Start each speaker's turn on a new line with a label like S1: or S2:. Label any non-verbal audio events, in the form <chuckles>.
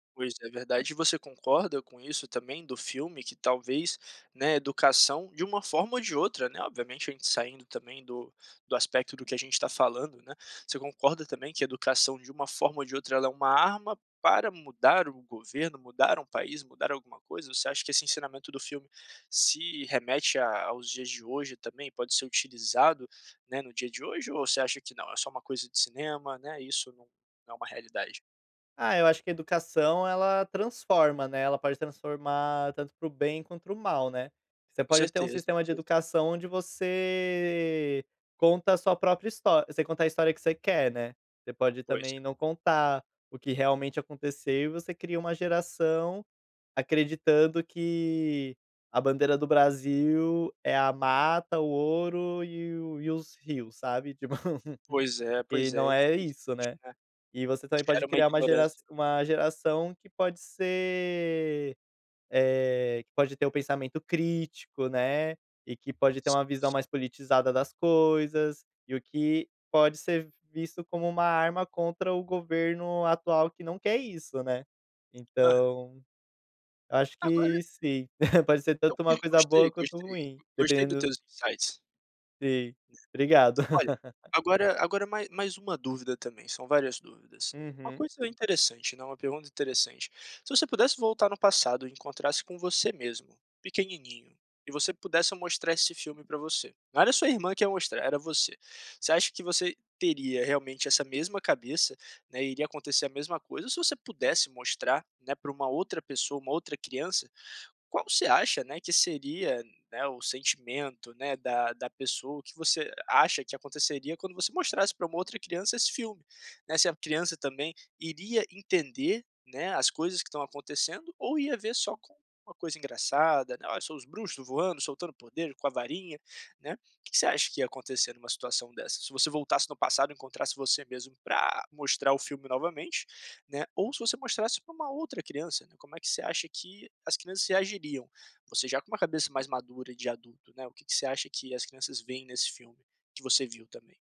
S1: Pois, é verdade, e você concorda com isso também do filme, que talvez, né, a educação de uma forma ou de outra, né, obviamente a gente saindo também do do aspecto do que a gente está falando, né. Você concorda também que a educação de uma forma ou de outra ela é uma arma para mudar o governo, mudar um país, mudar alguma coisa? Você acha que esse ensinamento do filme se remete aos dias de hoje também, pode ser utilizado, né, no dia de hoje, ou você acha que não é só uma coisa de cinema, né, isso não é uma realidade?
S2: Ah, eu acho que a educação ela transforma, né, ela pode transformar tanto para o bem quanto para o mal, né. Você
S1: Com
S2: pode ter um
S1: certeza,
S2: sistema
S1: com
S2: de
S1: certeza.
S2: educação onde você conta a sua própria história você conta a história que você quer, né. Você pode
S1: Pois
S2: também
S1: é.
S2: não contar o que realmente aconteceu e você cria uma geração acreditando que a bandeira do Brasil é a mata, o ouro e o os rios, sabe, tipo.
S1: Pois
S2: <laughs>
S1: é,
S2: E
S1: pois é,
S2: não é
S1: infelizmente
S2: isso, né.
S1: né,
S2: E você também pode
S1: gera uma
S2: criar uma gera
S1: ignorância.
S2: uma geração que pode ser, eh, que pode ter o pensamento crítico, né, e que pode ter uma
S1: Sim,
S2: visão
S1: sim.
S2: mais politizada das coisas, e o que pode ser visto como uma arma contra o governo atual que não quer isso, né.
S1: Aham.
S2: Então, eu acho
S1: Agora
S2: que sim, <chuckles> pode ser
S1: Eu
S2: tanto uma coisa
S1: gostei,
S2: boa quanto
S1: gostei,
S2: ruim,
S1: gostei do
S2: dependendo
S1: teus insights.
S2: Sim, obrigado.
S1: Olha,
S2: <laughs>
S1: agora agora ma mais uma dúvida também, são várias dúvidas, uma
S2: Uhum.
S1: coisa interessante, né, uma pergunta interessante: se você pudesse voltar no passado e encontrasse com você mesmo, pequenininho, e você pudesse mostrar esse filme pra você, não era sua irmã que ia mostrar, era você, você acha que você teria realmente essa mesma cabeça, né, iria acontecer a mesma coisa? Ou se você pudesse mostrar, né, pra uma outra pessoa, uma outra criança, qual você acha, né, que seria o sentimento da da pessoa? O que você acha que aconteceria quando você mostrasse pra uma outra criança esse filme, né? Se a criança também iria entender, né, as coisas que estão acontecendo ou ia ver só como uma coisa engraçada, né: “Olha só os bruxos voando, soltando poder com a varinha”, né. Que que você acha que ia acontecer numa situação dessa, se você voltasse no passado e encontrasse você mesmo pra mostrar o filme novamente, né, ou se você mostrasse pra uma outra criança, né, como é que você acha que as crianças reagiriam? Você, já com uma cabeça mais madura de adulto, né, o que que você acha que as crianças veem nesse filme que você viu também?